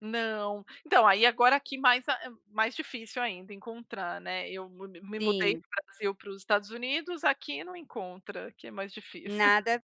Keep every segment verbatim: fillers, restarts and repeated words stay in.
Não, então aí agora aqui mais, eh, mais difícil ainda encontrar, né, eu me me mudei do Sim. Brasil para os Estados Unidos, aqui não encontra, que é mais difícil. Nada,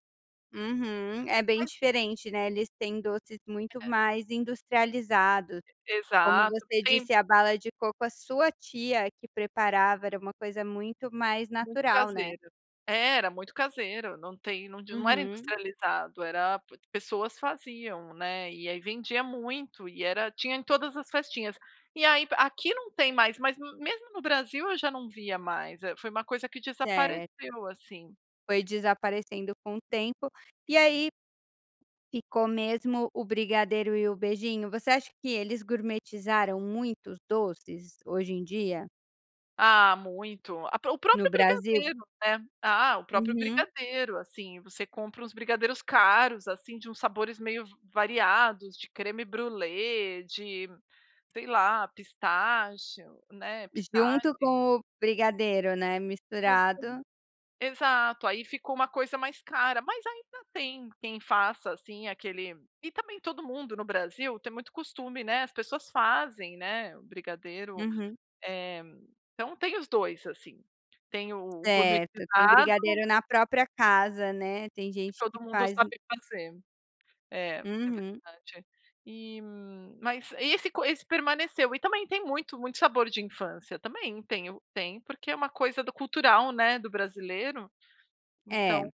uhum, é bem Mas diferente, né, eles têm doces muito É. mais industrializados, E como exato, você tem disse a bala de coco a sua tia é que preparava era uma coisa muito mais Muito natural, né. caseiro, é era muito caseiro, não tem onde não era Uhum. industrializado, era pessoas faziam, né, e aí vendia muito e era tinha em todas as festinhas, e aí aqui não tem mais, mas mesmo no Brasil eu já não via mais, eh, foi uma coisa que Certo. desapareceu assim. Foi desaparecendo com o tempo, e aí ficou mesmo o brigadeiro e o beijinho, você acha que eles gourmetizaram muitos doces hoje em dia Ah muito, a o no próprio Brasil? brigadeiro, né, ah, o próprio Uhum. brigadeiro assim, você compra uns brigadeiros caros assim de uns sabores meio v variados de Crème brûlée, de sei lá, pistache, né, pistache. Junto com o brigadeiro, né, [unintelligible] misturado. exato, aí ficou uma coisa mais cara, mas ainda tem quem faça, assim, aquele e também todo mundo no Brasil tem muito costume, né, as pessoas fazem né, o brigadeiro, Uhum. eh, então tem os dois assim, tem o Certo, tem gourmetizado brigadeiro na própria casa, né, tem que gente que todo mundo faz sabe fazer, é, é Uhum. verdade, e, mas, esse co esse permaneceu, e também tem muito muito sabor de infância, também tem o tem, porque é uma coisa do cultural, né, do brasileiro, É. então